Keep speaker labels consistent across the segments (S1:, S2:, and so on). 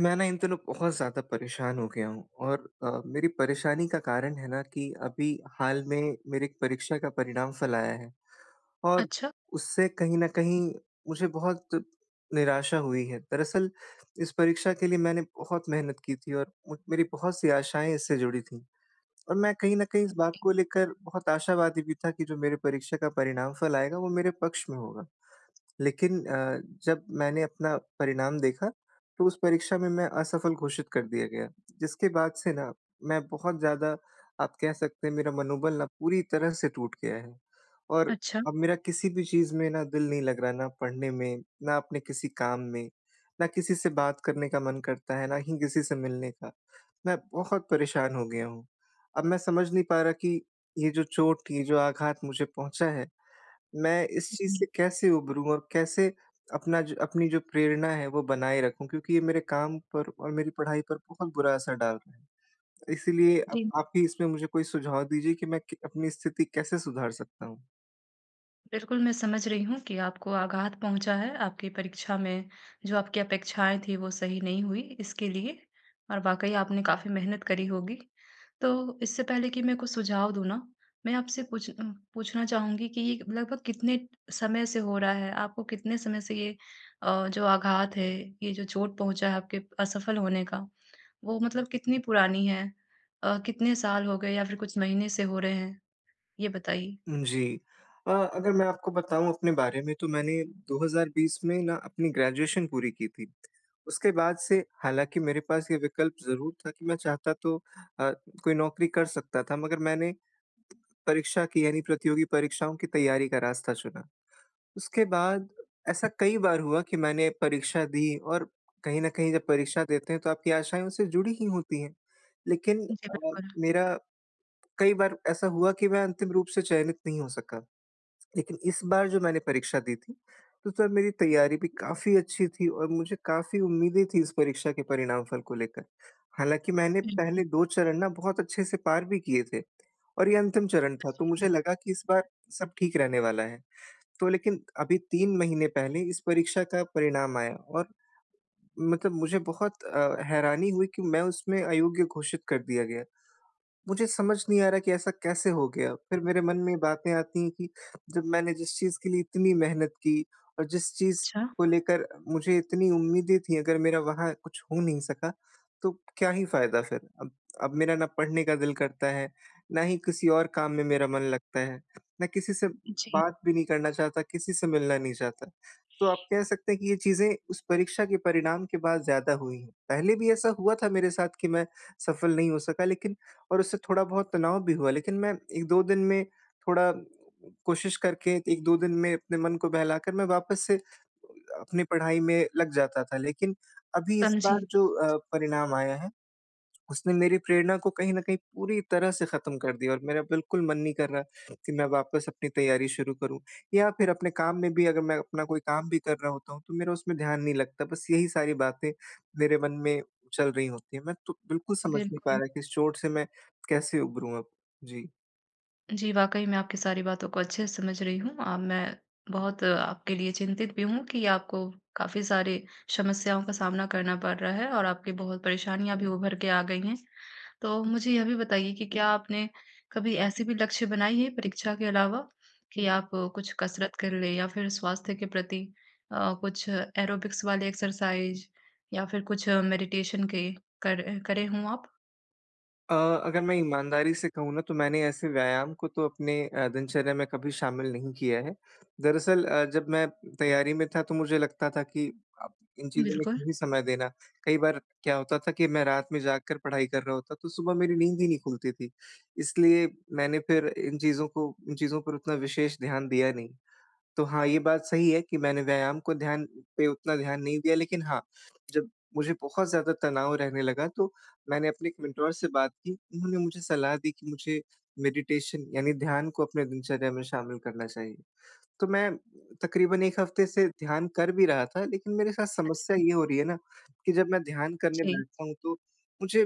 S1: मैं न इन दिनों बहुत ज़्यादा परेशान हो गया हूँ और अ, मेरी परेशानी का कारण है न कि अभी हाल में मेरी एक परीक्षा का परिणाम फल आया है और
S2: अच्छा।
S1: उससे कहीं न कहीं मुझे बहुत निराशा हुई है। दरअसल इस परीक्षा के लिए मैंने बहुत मेहनत की थी और म मेरी बहुत सी आशाएँ इससे जुड़ी थी। और मैं कहीं न कहीं इस बात
S2: जी।
S1: को लेकर बहुत आशावादी भी था कि जो मेरी परीक्षा का परिणाम फल आएगा वो मेरे पक्ष में होगा। लेकिन अ, जब मैंने अपना परिणाम देखा तो उस परीक्षा में मैं असफल घोषित कर दिया गया जिसके बाद से न मैं बहुत ज़्यादा आप कह सकते हैं मेरा मनोबल न पूरी तरह से टूट गया है और
S2: अच्छा।
S1: अब मेरा किसी भी चीज़ में न दिल नहीं लग रहा ना पढ़ने में, ना अपने किसी काम में, ना किसी से बात करने का मन करता है, ना ही किसी से मिलने का। मैं बहुत परेशान हो गया हूँ अब मैं समझ नहीं पा रहा कि ये जो चोट ये जो आघात मुझे पहुँचा है मैं इस चीज़
S2: जी।
S1: से कैसे उभरूँ और कैसे अपना ज अपनी जो प्रेरणा है वो बनाए रखूँ क्योंकि ये मेरे काम पर और मेरी पढ़ाई पर बहुत बुरा असर डाल रहा है इसीलिए अब
S2: जी।
S1: आप ही इसमें मुझे कोई सुझाव दीजिए कि मैं कै अपनी स्थिति कैसे सुधार सकता हूँ।
S2: बिल्कुल, मैं समझ रही हूँ कि आपको आघात पहुँचा है आपकी परीक्षा में जो आपकी अपेक्षाएँ थीं, वो सही नहीं हुई इसके लिए और वाक़ई आपने काफ़ी मेहनत करी होगी। तो, इससे पहले कि मैं कुछ सुझाव दूँ न मैं आपसे कुछ अ, पूछना चाहूँगी कि ये लगभग कितने समय से हो रहा है? आपको कितने समय से ये अ, जो आघात है, ये जो चोट पहुँचा है आपके असफल होने का वो मतलब कितनी पुरानी है? अ, कितने साल हो गए या फिर कुछ महीने से हो रहे हैं? ये बताइए।
S1: जी अ अगर मैं आपको बताऊँ अपने बारे में तो मैंने 2020 में न अपनी ग्रेजुएशन पूरी की थी। उसके बाद से हालाँकि मेरे पास ये विकल्प ज़रूर था कि मैं चाहता तो अ, कोई नौकरी कर सकता था मगर मैंने परीक्षा की यानी प्रतियोगी परीक्षाओं की तैयारी का रास्ता चुना। उसके बाद ऐसा कई बार हुआ कि मैंने परीक्षा दी और कहीं न कहीं जब परीक्षा देते हैं तो आपकी आशाएँ उससे जुड़ी ही होती हैं। लेकिन
S2: जी,
S1: अ,
S2: बिल्कुल।
S1: मेरा कई बार ऐसा हुआ कि मैं अंतिम रूप से चयनित नहीं हो सका लेकिन इस बार जो मैंने परीक्षा दी थी, तो तब मेरी तैयारी भी काफ़ी अच्छी थी और मुझे काफ़ी उम्मीदें थी इस परीक्षा के परिणाम फल को लेकर। हालाँकि मैंने
S2: हुँ, हुँ।
S1: पहले 2 चरण न बहुत अच्छे से पार भी किए थे और ये अंतिम चरण था, तो
S2: जी।
S1: मुझे लगा कि इस बार सब ठीक रहने वाला है तो लेकिन अभी 3 महीने पहले इस परीक्षा का परिणाम आया और मतलब मुझे बहुत अ, हैरानी हुई कि मैं उसमें अयोग्य घोषित कर दिया गया। मुझे समझ नहीं आ रहा कि ऐसा कैसे हो गया फिर मेरे मन में बातें आती हैं कि जब मैंने जिस चीज़ के लिए इतनी मेहनत की और जिस चीज़
S2: अच्छा।
S1: को लेकर मुझे इतनी उम्मीदें थीं, अगर मेरा वहाँ कुछ हो नहीं सका तो क्या ही फायदा फिर, अब अब मेरा ना पढ़ने का दिल करता है, ना ही किसी और काम में मेरा मन लगता है, ना किसी से
S2: जी।
S1: बात भी नहीं करना चाहता, किसी से मिलना नहीं चाहता तो आप कह सकते हैं कि ये चीजें उस परीक्षा के परिणाम के बाद ज़्यादा हुईं हैं। पहले भी ऐसा हुआ था मेरे साथ कि मैं सफल नहीं हो सका लेकिन और उससे थोड़ा बहुत तनाव भी हुआ लेकिन मैं 1-2 दिन में थोड़ा कोशिश करके 1-2 दिन में अपने मन को बहलाकर मैं वापस से अपनी पढ़ाई में लग जाता था। लेकिन अभी इस
S2: समझी।
S1: बार जो अ, परिणाम आया है, उसने मेरी प्रेरणा को कहीं न कहीं पूरी तरह से ख़त्म कर दिया और मेरा बिल्कुल मन नहीं कर रहा कि मैं वापस अपनी तैयारी शुरू करूँ या फिर अपने काम में भी अगर मैं अपना कोई काम भी कर रहा होता हूँ, तो मेरा उसमें ध्यान नहीं लगता बस यही सारी बातें मेरे मन में चल रही होती हैं। मैं तो बिल्कुल समझ नहीं पा
S2: बिल्कुल।
S1: रहा कि इस चोट से मैं कैसे उबरूँ अब? जी।
S2: जी, वाक़ई मैं आपकी सारी बातों को अच्छे से समझ रही हूँ। अ, मैं बहुत आपके लिए चिंतित भी हूँ कि आपको काफ़ी सारी समस्याओं का सामना करना पड़ रहा है। और आपकी बहुत परेशानियाँ भी उभर के आ गई हैं। तो मुझे यह भी बताइए कि क्या आपने, कभी ऐसी भी लक्ष्य बनाई है परीक्षा के अलावा कि, आप कुछ कसरत कर लें या फिर स्वास्थ्य के प्रति अ, कुछ एरोबिक्स वाले एक्सरसाइज़ या फिर कुछ मेडिटेशन के कर करें हों आप?
S1: अ अगर मैं ईमानदारी से कहूँ न तो मैंने ऐसे व्यायाम को तो अपने अ, दिनचर्या में कभी शामिल नहीं किया है। दरअसल अ, जब मैं तैयारी में था तो मुझे लगता था कि अब इन चीज़ों में
S2: बिल्कुल।
S1: क्यों ही समय देना? कई बार क्या होता था कि मैं रात में जाग कर पढ़ाई कर रहा होता तो सुबह मेरी नींद ही नहीं खुलती थी। इसलिए मैंने फिर इन चीज़ों को इन चीज़ों पर उतना विशेष ध्यान दिया नहीं। तो हाँ, ये बात सही है कि मैंने व्यायाम को ध्यान पे उतना ध्यान नहीं दिया। लेकिन हाँ, जब मुझे बहुत ज़्यादा तनाव रहने लगा तो मैंने अपने एक मेंटर से बात की उन्होंने मुझे सलाह दी कि मुझे मेडिटेशन यानी ध्यान को अपने दिनचर्या में शामिल करना चाहिए। तो मैं तकरीबन 1 हफ़्ते से ध्यान कर भी रहा था लेकिन मेरे साथ समस्या
S2: अच्छा।
S1: ये हो रही है न, कि जब मैं ध्यान करने
S2: जी।
S1: बैठता हूँ तो मुझे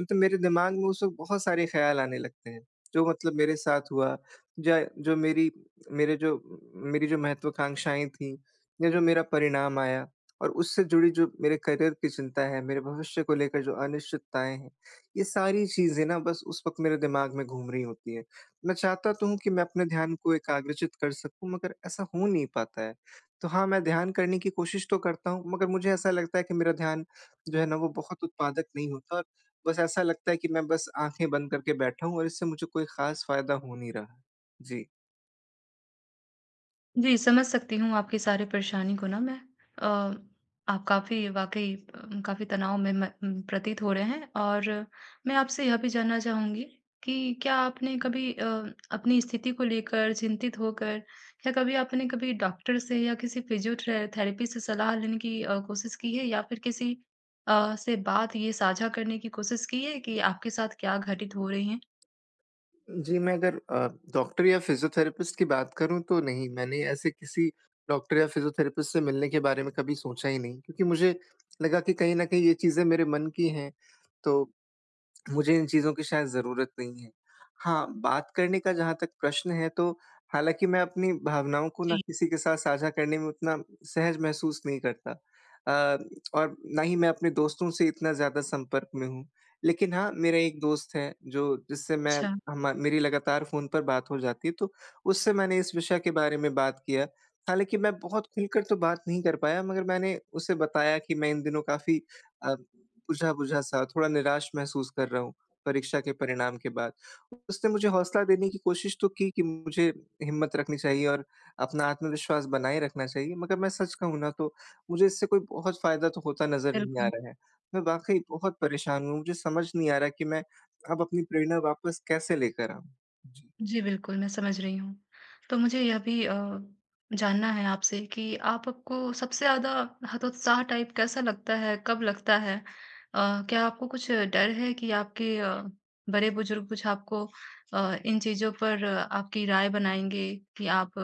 S1: मतलब मेरे दिमाग में उस वक़्त बहुत सारे ख्याल आने लगते हैं। जो मतलब मेरे साथ हुआ ज जो मेरी मेरे जो म मेरी जो महत्वकांक्षाएँ थीं या जो मेरा परिणाम आया और उससे जुड़ी जो मेरे करियर की चिंता है मेरे भविष्य को लेकर जो अनिश्चितताएँ हैं ये सारी चीज़ें न बस उस वक़्त मेरे दिमाग में घूम रही होती हैं। मैं चाहता तो हूँ कि मैं अपने ध्यान को एकाग्रचित कर सकूँ मगर ऐसा हो नहीं पाता है। तो हाँ, मैं ध्यान करने की कोशिश तो करता हूँ मगर मुझे ऐसा लगता है कि मेरा ध्यान जो है न वो बहुत उत्पादक नहीं होता, बस ऐसा लगता है कि मैं बस आँखें बंद करके बैठा हूँ और इससे मुझे कोई ख़ास फ़ायदा हो नहीं रहा। जी।
S2: जी, समझ सकती हूँ आपकी सारी परेशानी को ना मैं अ, आप काफ़ी वाक़ई अ, काफ़ी तनाव में म प्रतीत हो रहे हैं और मैं आपसे यह भी जानना चाहूँगी कि क्या आपने कभी अ, अपनी स्थिति को लेकर चिंतित होकर या कभी आपने कभी डॉक्टर से या किसी फिजियोट्रे थेरेपी से सलाह लेने की अ, कोशिश की है? या फिर किसी अ, से बात ये साझा करने की कोशिश की है कि आपके साथ क्या घटित हो रहे हैं?
S1: जी, मैं अगर अ, डॉक्टर या फ़िज़ियोथेरेपिस्ट की बात करूँ तो नहीं मैंने ऐसे किसी डॉक्टर या फ़िज़ियोथेरेपिस्ट से मिलने के बारे में कभी सोचा ही नहीं क्योंकि मुझे लगा कि कहीं न कहीं ये चीजें मेरे मन की हैं। तो मुझे इन चीज़ों की शायद ज़रूरत नहीं है। हाँ, बात करने का जहाँ तक प्रश्न है तो हालाँकि मैं अपनी भावनाओं को ना
S2: जी।
S1: किसी के साथ साझा करने में उतना सहज महसूस नहीं करता। अ, और ना ही मैं अपने दोस्तों से इतना ज़्यादा संपर्क में हूँ। लेकिन हाँ, मेरा एक दोस्त है जो जिससे मैं
S2: अच्छा।
S1: हम मेरी लगातार फ़ोन पर बात हो जाती है तो उससे मैंने इस विषय के बारे में बात की है हालाँकि मैं बहुत खुलकर तो बात नहीं कर पाया मगर मैंने उसे बताया कि मैं इन दिनों काफ़ी अ, बुझा-बुझा सा थोड़ा निराश महसूस कर रहा हूँ परीक्षा के परिणाम के बाद। उसने मुझे हौसला देने की कोशिश तो की कि मुझे हिम्मत रखनी चाहिए और अपना आत्मविश्वास बनाए रखना चाहिए, मगर मैं सच कहूँ ना तो मुझे इससे कोई बहुत फायदा तो होता नज़र नहीं आ
S2: बिल्कुल।
S1: रहा है। मैं वाक़ई बहुत परेशान हूँ, मुझे समझ नहीं आ रहा कि मैं अब अपनी प्रेरणा वापस कैसे लेकर आऊँ, जी।
S2: जी, बिल्कुल मैं समझ रही हूँ। तो मुझे यह भी अ, जानना है आपसे कि आप आपको सबसे ज़्यादा हतोत्साह टाइप कैसा लगता? है कब लगता है? अ, क्या आपको कुछ डर है कि आपके अ, बड़े-बुजुर्ग कुछ आपको अ, इन चीज़ों पर आपकी राय बनाएँगे कि आप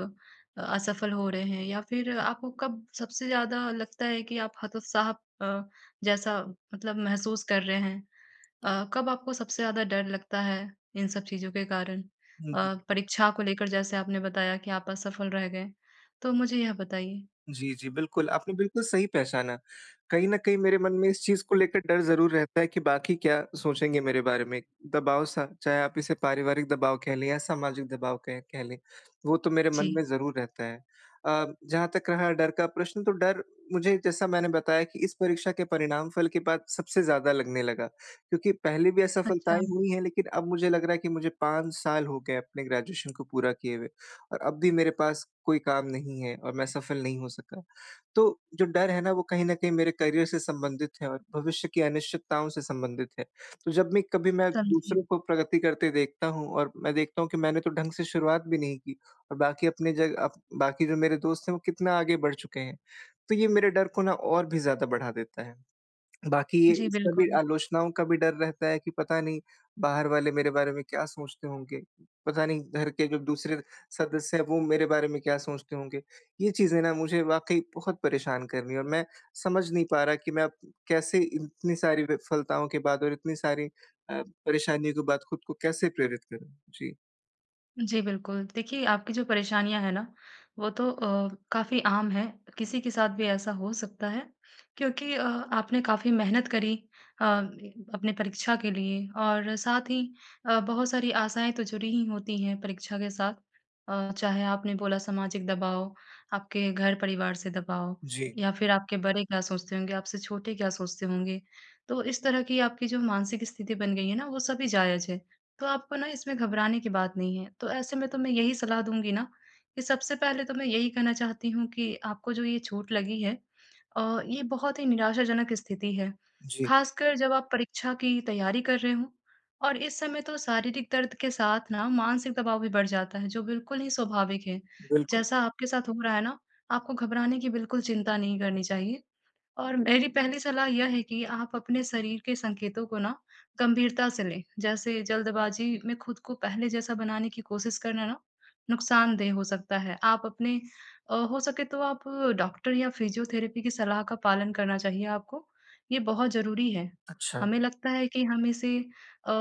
S2: असफल हो रहे हैं या फिर आपको कब सबसे ज़्यादा लगता है कि आप हतोत्साह अ, जैसा मतलब महसूस कर रहे हैं? अ, कब आपको सबसे ज़्यादा डर लगता है इन सब चीज़ों के कारण
S1: हुँ, हुँ।
S2: अ, परीक्षा को लेकर जैसे आपने बताया कि आप असफल रह गए, तो मुझे यह बताइए?
S1: जी, जी बिल्कुल। आपने बिल्कुल सही पहचाना। कहीं न कहीं मेरे मन में इस चीज़ को लेके डर ज़रूर रहता है कि बाकी क्या सोचेंगे मेरे बारे में? दबाव सा चाहे आप इसे पारिवारिक दबाव कह लें या सामाजिक दबाव कहें कह लें वो तो मेरे मन
S2: जी।
S1: में ज़रूर रहता है। अ, जहाँ तक रहा डर का प्रश्न तो डर मुझे जैसा मैंने बताया कि इस परीक्षा के परिणाम फल के बाद सबसे ज़्यादा लगने लगा क्योंकि पहले भी
S2: अच्छा।
S1: असफलताएँ हुई हैं लेकिन अब मुझे लग रहा है कि मुझे 5 साल हो गए अपने ग्रेजुएशन को पूरा किए हुए और अब भी मेरे पास कोई काम नहीं है और मैं सफल नहीं हो सका। तो जो डर है ना वो कहीं न कहीं मेरे करियर से संबंधित है और भविष्य की अनिश्चितताओं से संबंधित है। तो जब भी कभी मैं
S2: समझी।
S1: दूसरों को प्रगति करते देखता हूँ और मैं देखता हूँ कि मैंने तो ढंग से शुरुआत भी नहीं की और बाकी अपने जगह अ, बाकी जो मेरे दोस्त हैं वो कितना आगे बढ़ चुके हैं। तो ये मेरे डर को ना और भी ज़्यादा बढ़ा देता है। बाकी ये
S2: जी,
S1: सभी
S2: बिल्कुल।
S1: आलोचनाओं का भी डर रहता है कि पता नहीं बाहर वाले मेरे बारे में क्या सोचते होंगे? पता नहीं घर के जो दूसरे सदस्य हैं वो मेरे बारे में क्या सोचते होंगे? ये चीज़ें ना मुझे वाक़ई बहुत परेशान कर रही हैं और मैं समझ नहीं पा रहा कि मैं कैसे इतनी सारी विफलताओं के बाद और इतनी सारी अ, परेशानियों के बाद खुद को कैसे प्रेरित करूँ? जी।
S2: जी, बिल्कुल। देखिए, आपकी जो परेशानियाँ हैं न वो तो अ, काफ़ी आम है किसी के साथ भी ऐसा हो सकता है क्योंकि अ, आपने काफ़ी मेहनत करी। अ, अपने परीक्षा के लिए और साथ ही अ, बहुत सारी आशाएँ तो जुड़ी ही होती हैं परीक्षा के साथ अ, चाहे आपने बोला सामाजिक दबाव, आपके घर परिवार से दबाव
S1: जी।
S2: या फिर आपके बड़े क्या सोचते होंगे आपसे छोटे क्या सोचते होंगे तो इस तरह की आपकी जो मानसिक स्थिति बन गई है न वो सभी जायज है। तो आपको न इसमें घबराने की बात नहीं है तो ऐसे मैं तुम्हें यही सलाह दूँगी न कि सबसे पहले तो मैं यही कहना चाहती हूँ कि आपको जो ये चोट लगी है अ, ये बहुत ही निराशाजनक स्थिति है
S1: जी।
S2: खासकर जब आप परीक्षा की तैयारी कर रहे हो और इस समय तो शारीरिक दर्द के साथ न मानसिक दबाव भी बढ़ जाता है जो बिल्कुल ही स्वाभाविक है
S1: बिल्कुल।
S2: जैसा आपके साथ हो रहा है ना आपको घबराने की बिल्कुल चिंता नहीं करनी चाहिए और मेरी पहली सलाह यह है कि आप अपने शरीर के संकेतों को न गंभीरता से लें। जैसे जल्दबाजी में खुद को पहले जैसा बनाने की कोशिश करना न नुकसानदेह हो सकता है। आप अपने अ, हो सके तो आप डॉक्टर या फिजियोथेरेपी की सलाह का पालन करना चाहिए आपको, ये बहुत ज़रूरी है।
S1: अच्छा।
S2: हमें लगता है कि हम इसे अ,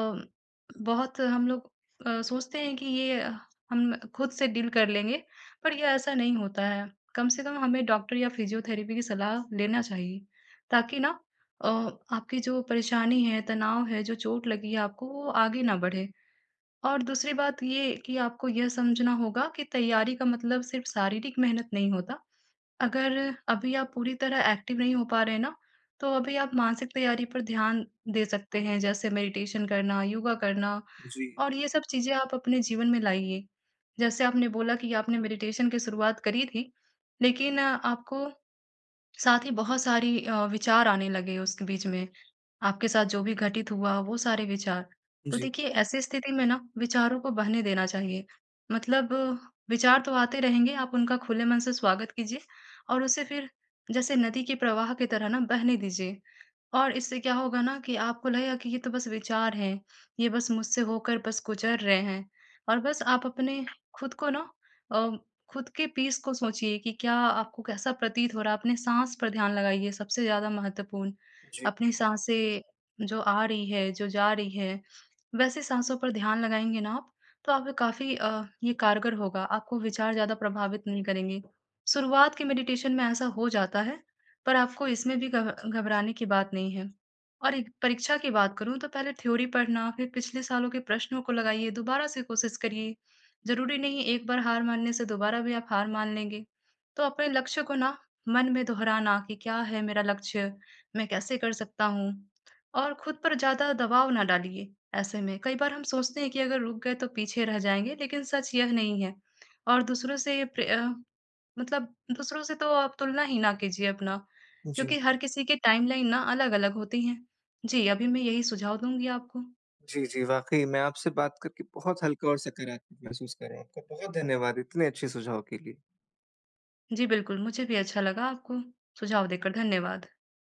S2: बहुत हम लोग अ, सोचते हैं कि ये हम खुद से डील कर लेंगे पर ये ऐसा नहीं होता है कम से कम हमें डॉक्टर या फिजियोथेरेपी की सलाह लेना चाहिए ताकि न अ आपकी जो परेशानी है, तनाव है, जो चोट लगी है आपको वो आगे ना बढ़े और दूसरी बात ये कि आपको ये समझना होगा कि तैयारी का मतलब सिर्फ शारीरिक मेहनत नहीं होता। अगर अभी आप पूरी तरह एक्टिव नहीं हो पा रहे हैं न तो अभी आप मानसिक तैयारी पर ध्यान दे सकते हैं जैसे मेडिटेशन करना, योगा करना
S1: जी।
S2: और ये सब चीज़ें आप अपने जीवन में लाइए। जैसे आपने बोला कि आपने मेडिटेशन की शुरुआत करी थी, लेकिन आपको साथ ही बहुत सारी अ, विचार आने लगे उस बीच में आपके साथ जो भी घटित हुआ वो सारे विचार तो
S1: जी।
S2: देखिए ऐसी स्थिति में न विचारों को बहने देना चाहिए, मतलब विचार तो आते रहेंगे आप उनका खुले मन से स्वागत कीजिए और उसे फिर जैसे नदी के प्रवाह की तरह न बहने दीजिए और इससे क्या होगा न कि आपको लगेगा कि ये तो बस विचार हैं। ये बस मुझसे होकर बस गुज़र रहे हैं और बस आप अपने खुद को न अ खुद के पीस को सोचिए कि क्या आपको कैसा प्रतीत हो रहा है, अपने साँस पर ध्यान लगाइए सबसे ज़्यादा महत्वपूर्ण।
S1: जी।
S2: अपनी साँसें जो आ रही है, जो जा रही है वैसे साँसों पर ध्यान लगाएँगे न आप तो आप काफ़ी अ, ये कारगर होगा आपको विचार ज़्यादा प्रभावित नहीं करेंगे शुरुआत की मेडिटेशन में ऐसा हो जाता है पर आपको इसमें भी घब घबराने की बात नहीं है। और परीक्षा की बात करूँ तो पहले थ्योरी पढ़ना फिर पिछले सालों के प्रश्नों को लगाइए दोबारा से कोशिश करिए ज़रूरी नहीं एक बार हार मानने से दोबारा भी आप हार मान लेंगे तो अपने लक्ष्य को न मन में दोहराना कि क्या है मेरा लक्ष्य, मैं कैसे कर सकता हूँ और खुद पर ज़्यादा दबाव न डालिए ऐसे में कई बार हम सोचते हैं कि, अगर रुक गए तो पीछे रह जाएँगे लेकिन सच यह नहीं है और दूसरों से प्रय मतलब दूसरों से तो आप तुलना ही ना कीजिए अपना
S1: जी।
S2: क्योंकि हर किसी की टाइमलाइन न अलग-अलग होती हैं। जी। अभी मैं यही सुझाव दूँगी आपको।
S1: जी, जी। वाक़ई मैं आपसे बात करके बहुत हल्का और सकारात्मक महसूस कर रहा हूँ। आपका बहुत धन्यवाद इतने अच्छे सुझाव के लिए।
S2: जी। बिल्कुल मुझे भी अच्छा लगा आपको सुझाव देकर धन्यवाद।